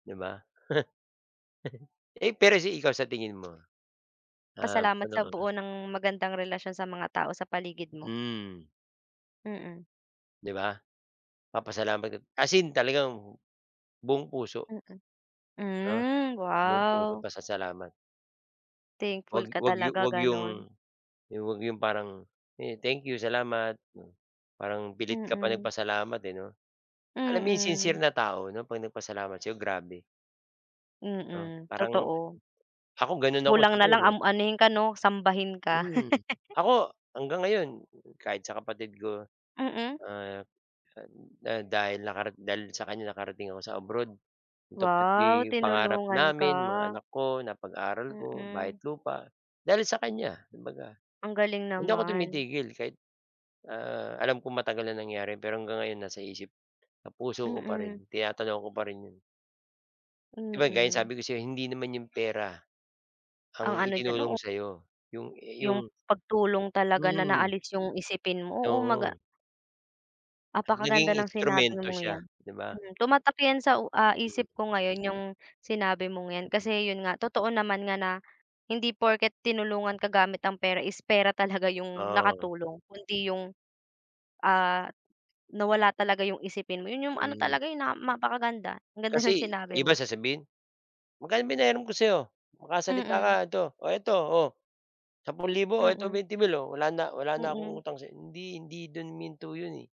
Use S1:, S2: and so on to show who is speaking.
S1: 'Di ba? Eh, pero si ikaw, sa tingin mo? Um,
S2: Pasalamat
S1: ano
S2: sa
S1: ang,
S2: buo
S1: ah
S2: ng magandang relasyon sa mga tao sa paligid mo.
S1: Hmm.
S2: Mm.
S1: 'Di ba? Papasalamat eb as in talagang buong puso.
S2: Mm.
S1: Ah.
S2: Hmm
S1: Buong pusong
S2: wow.
S1: pasasalamat.
S2: Thankful
S1: Huwag
S2: ka
S1: huwag yu
S2: talaga,
S1: huwag yung
S2: ganun.
S1: yung huwag yung parang, "Eh, thank you salamat." Hmm. Parang pilit ka pa
S2: Mm.
S1: nagpasalamat, eh, 'no? Alam mo yung sincere
S2: Mm.
S1: na tao, 'no? 'Pag nagpasalamat sa 'yo, grabe. 'No,
S2: Mm,
S1: parang
S2: totoo.
S1: ako, ganon ako
S2: Kulang na lang,
S1: siguro.
S2: um, anuhin ka, 'no, sambahin ka.
S1: Hmm, ako hanggang ngayon kahit sa kapatid ko,
S2: Mm.
S1: ah, ah, da dahil nakara dahil sa kanya, nakarating ako sa abroad. Tupad
S2: Wow,
S1: pi pangarap
S2: tinulungan
S1: namin, mga
S2: ka.
S1: anak ko napag-aral ko, bahay at
S2: Mm.
S1: lupa, dahil sa kanya kumbaga.
S2: Ang galing
S1: Hindi ako
S2: naman.
S1: tumitigil kahit, ah, alam kong matagal na nangyari, pero hanggang ngayon nasa isip at puso ko pa rin,
S2: Mm.
S1: tinatanaw ko pa rin 'yon. 'Di ba, gaya ng
S2: Mm.
S1: sinabi ko sa'yo, hindi naman yun pera
S2: Ang
S1: ang
S2: ano diyan
S1: itinulong
S2: oo.
S1: sa 'yo. Yung
S2: Yung
S1: yung
S2: pagtulong talaga na
S1: hmm.
S2: naalis yung isipin mo, oo mag ah
S1: Oo. At
S2: Apakaganda
S1: naging
S2: ng sinabi
S1: instrumento
S2: mong yan,
S1: siya, 'di ba?
S2: hmm. Tumatak yan sa u ah,
S1: Mhm.
S2: isip ko ngayon yung sinabi mong yan kasi yun nga. Totoo naman nga na hindi porket tinulungan ka gamit ang pera is pera talaga yung
S1: Oo.
S2: nakatulong kundi yung, ah, nawala talaga yung isipin mo, yun yung ano
S1: Hmm.
S2: talaga, eh, na mapakaganda, ang ganda ng
S1: Kasi
S2: sinabi
S1: iba
S2: mo.
S1: sasabihin, "Magkano pinahiram ko sa'yo?" "Makasalita ka
S2: Mm.
S1: ito, oh, eto, oh, 10,000, oh, eto
S2: Mm.
S1: 20,000, oh, wala na wala na akong
S2: Mm.
S1: utang sa'y" Hindi, hindi do'n huminto 'yon, eh.